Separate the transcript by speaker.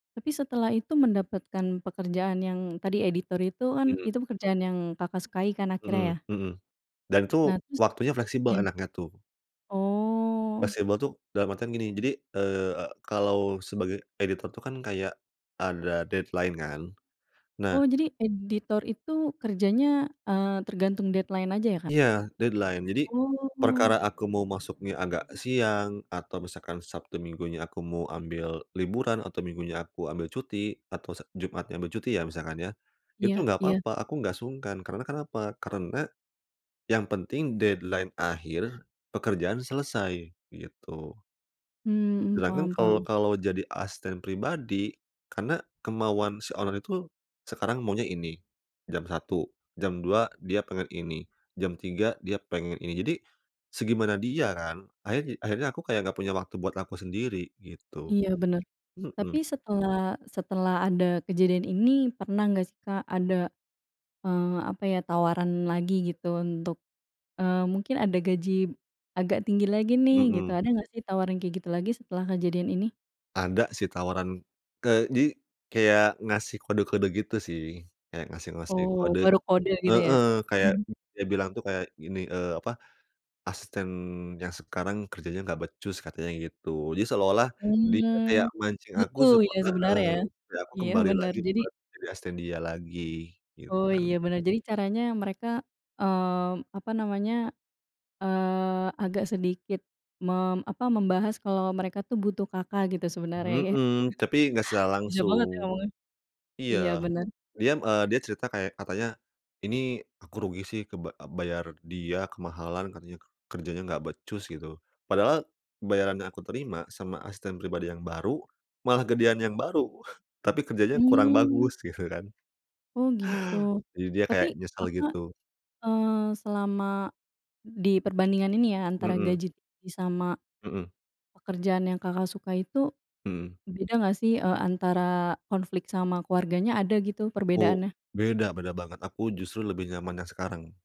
Speaker 1: Tapi setelah itu mendapatkan pekerjaan yang tadi editor itu kan
Speaker 2: Mhm.
Speaker 1: itu pekerjaan yang Kakak, sukai kan
Speaker 2: Mhm
Speaker 1: akhirnya ya?
Speaker 2: mhm, dan tuh
Speaker 1: Nah terus,
Speaker 2: waktunya fleksibel
Speaker 1: iya.
Speaker 2: enaknya tuh.
Speaker 1: Oh.
Speaker 2: Fleksibel itu dalam artian gini jadi, eee, kalau sebagai editor tuh kan kayak, ada deadline kan, nah.
Speaker 1: Oh jadi editor itu kerjanya, eee, tergantung deadline aja ya Kak?
Speaker 2: Iya deadline jadi, perkara
Speaker 1: Oh.
Speaker 2: aku mau masuknya agak siang atau misalkan Sabtu Minggunya aku mau ambil liburan atau Minggunya aku ambil cuti atau se Jumatnya ambil cuti ya misalkan ya, itu
Speaker 1: Iya
Speaker 2: nggak
Speaker 1: iya.
Speaker 2: papa aku nggak sungkan karena kenapa karena, yang penting deadline akhir pekerjaan selesai gitu.
Speaker 1: Mmm,
Speaker 2: Sedangkan
Speaker 1: paham
Speaker 2: kalau
Speaker 1: paham.
Speaker 2: kalau jadi asisten pribadi, karena kemauan si owner itu, sekarang maunya ini, jam 1.00 jam 2.00 dia pengen ini, jam 3 dia pengen ini jadi, segimana dia kan akhir akhirnya aku kayak nggak punya waktu buat aku sendiri gitu,
Speaker 1: Iya bener, tapi
Speaker 2: mhm.
Speaker 1: setelah setelah ada kejadian ini pernah nggak sih Kak, ada, eee, apa ya tawaran lagi gitu untuk, eee, mungkin ada gaji, agak tinggi lagi nih gitu
Speaker 2: Mhm.
Speaker 1: ada nggak sih tawaran kayak gitu lagi setelah kejadian ini?
Speaker 2: Ada sih tawaran, ke jadi kayak ngasih kode-kode gitu sih kayak ngasih-ngasih
Speaker 1: Oh
Speaker 2: kode,
Speaker 1: baru kode gitu ya?
Speaker 2: heeh, kayak dia bilang tuh kayak gini, eee, apa, asisten yang sekarang kerjanya nggak becus katanya gitu jadi seolah-olah dia kayak
Speaker 1: Mmm,
Speaker 2: mancing aku
Speaker 1: butuh
Speaker 2: supa
Speaker 1: ya
Speaker 2: heeh,
Speaker 1: sebenarnya ya,
Speaker 2: supaya aku
Speaker 1: iya
Speaker 2: kembali
Speaker 1: bener
Speaker 2: lagi
Speaker 1: jadi
Speaker 2: buat jadi asisten dia lagi, gitu
Speaker 1: Oh
Speaker 2: kan.
Speaker 1: iya bener jadi caranya mereka, mmm, apa namanya, eee, agak sedikit mem apa membahas kalau mereka tuh butuh Kakak, gitu sebenarnya ya,
Speaker 2: Mhm, tapi nggak secara
Speaker 1: bisa banget ya
Speaker 2: langsung,
Speaker 1: ngomongnya, iya
Speaker 2: iya,
Speaker 1: bener.
Speaker 2: dia, eee, dia cerita kayak katanya, ini aku rugi sih ke ba bayar dia kemahalan katanya kerjanya nggak becus gitu padahal, bayaran yang aku terima sama asisten pribadi yang baru malah gedean yang baru tapi kerjanya kurang
Speaker 1: Mmm.
Speaker 2: bagus gitu kan.
Speaker 1: Oh gitu,
Speaker 2: Jadi dia
Speaker 1: tapi
Speaker 2: kayak nyesel
Speaker 1: Kakak,
Speaker 2: gitu.
Speaker 1: eee, selama, di perbandingan ini ya antara
Speaker 2: Mhm.
Speaker 1: gaji sama,
Speaker 2: Mhm.
Speaker 1: pekerjaan yang Kakak, suka itu,
Speaker 2: Mhm.
Speaker 1: beda nggak sih, eee, antara konflik sama keluarganya ada gitu
Speaker 2: Oh
Speaker 1: perbedaannya?
Speaker 2: beda beda banget aku justru lebih nyaman yang sekarang.